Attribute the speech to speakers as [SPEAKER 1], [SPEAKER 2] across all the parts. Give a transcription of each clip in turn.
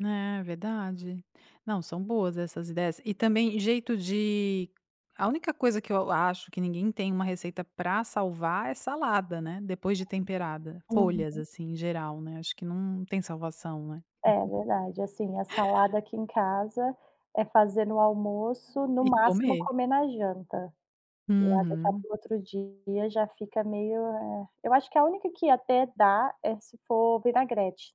[SPEAKER 1] É, verdade. Não, são boas essas ideias. E também, jeito de a única coisa que eu acho que ninguém tem uma receita pra salvar é salada, né, depois de temperada. Folhas,
[SPEAKER 2] Uhum.
[SPEAKER 1] assim, em geral, né, acho que não tem salvação, né.
[SPEAKER 2] É, verdade. Assim, a salada aqui em casa é fazer no almoço, no
[SPEAKER 1] E
[SPEAKER 2] máximo,
[SPEAKER 1] comer.
[SPEAKER 2] comer na janta. Pra deixar
[SPEAKER 1] Uhum.
[SPEAKER 2] para o outro dia, já fica meio, eh Eu acho que a única que até dá é se for vinagrete.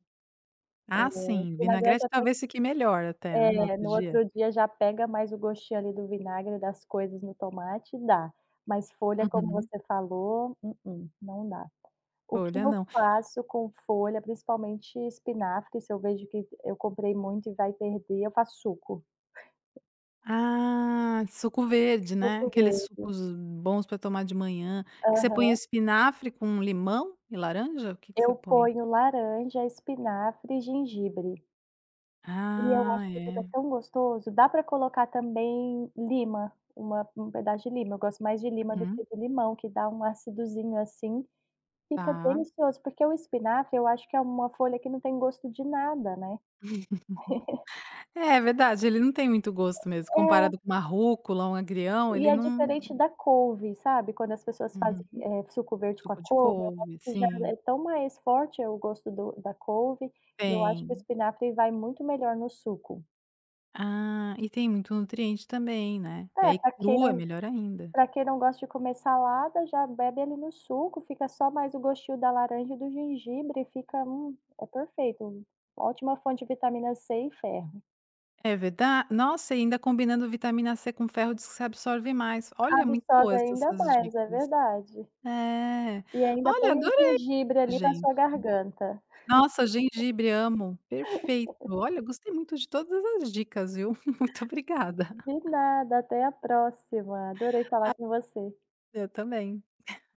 [SPEAKER 2] Eh,
[SPEAKER 1] Ah, sim.
[SPEAKER 2] vinagrete
[SPEAKER 1] Vinagrete,
[SPEAKER 2] até que
[SPEAKER 1] talvez, fique melhor até, né, no
[SPEAKER 2] É.
[SPEAKER 1] outro
[SPEAKER 2] No
[SPEAKER 1] dia.
[SPEAKER 2] outro dia, já pega mais o gostinho, ali, do vinagre, das coisas no tomate e dá. Mas, folha como
[SPEAKER 1] Uhum.
[SPEAKER 2] você falou, mm-mm, não dá. O que
[SPEAKER 1] Folha,
[SPEAKER 2] eu
[SPEAKER 1] não.
[SPEAKER 2] faço com folha, principalmente espinafre, se eu vejo que eu comprei muito e vai perder, eu faço suco.
[SPEAKER 1] Ah, suco verde, né.
[SPEAKER 2] Suco
[SPEAKER 1] Aqueles
[SPEAKER 2] verde.
[SPEAKER 1] sucos bons pra tomar de manhã. Que você põe
[SPEAKER 2] Aham.
[SPEAKER 1] espinafre com limão e laranja? O que que você
[SPEAKER 2] Eu
[SPEAKER 1] põe?
[SPEAKER 2] ponho laranja, espinafre e gengibre. E eu
[SPEAKER 1] Ah,
[SPEAKER 2] acho que fica
[SPEAKER 1] é.
[SPEAKER 2] tão gostoso. Dá pra colocar, também, lima, uma um pedaço de lima. Eu gosto mais de lima do
[SPEAKER 1] Uhum.
[SPEAKER 2] que de limão que dá um acidozinho, assim, fica
[SPEAKER 1] Tá.
[SPEAKER 2] delicioso. Porque o espinafre eu acho que é uma folha que não tem gosto de nada, né.
[SPEAKER 1] É, verdade ele não tem muito gosto mesmo.
[SPEAKER 2] É.
[SPEAKER 1] Comparado com uma rúcula ou um agrião,
[SPEAKER 2] E
[SPEAKER 1] ele
[SPEAKER 2] é
[SPEAKER 1] não
[SPEAKER 2] diferente da couve, sabe, quando as pessoas fazem,
[SPEAKER 1] Uhum.
[SPEAKER 2] eh, suco verde com a
[SPEAKER 1] Suco de
[SPEAKER 2] couve, eu acho
[SPEAKER 1] couve.
[SPEAKER 2] que já
[SPEAKER 1] Sim.
[SPEAKER 2] é tão mais forte o gosto do da couve. E eu acho que o
[SPEAKER 1] Tem.
[SPEAKER 2] espinafre vai muito melhor no suco.
[SPEAKER 1] Ah, e tem muito nutriente também, né.
[SPEAKER 2] É,
[SPEAKER 1] É, e
[SPEAKER 2] pra quem
[SPEAKER 1] crua
[SPEAKER 2] não
[SPEAKER 1] melhor ainda.
[SPEAKER 2] pra quem não gosta de comer salada, já bebe, ali, no suco. Fica, só, mais o gostinho da laranja e do gengibre e fica, hum, é perfeito. Ótima fonte de vitamina C e ferro.
[SPEAKER 1] É verda nossa, e ainda combinando vitamina C com ferro, diz que você absorve mais. Olha, muito
[SPEAKER 2] Absorve
[SPEAKER 1] boas essa
[SPEAKER 2] ainda
[SPEAKER 1] essas
[SPEAKER 2] mais, é
[SPEAKER 1] dicas.
[SPEAKER 2] verdade.
[SPEAKER 1] É.
[SPEAKER 2] E, ainda
[SPEAKER 1] Olha,
[SPEAKER 2] põe o
[SPEAKER 1] adorei
[SPEAKER 2] gengibre, ali, para a
[SPEAKER 1] gente
[SPEAKER 2] sua garganta.
[SPEAKER 1] Nossa, gengibre amo. Perfeito. Olha, gostei muito de todas as dicas, viu. Muito obrigada.
[SPEAKER 2] De nada. Até a próxima. Adorei falar
[SPEAKER 1] A
[SPEAKER 2] com você.
[SPEAKER 1] Eu também.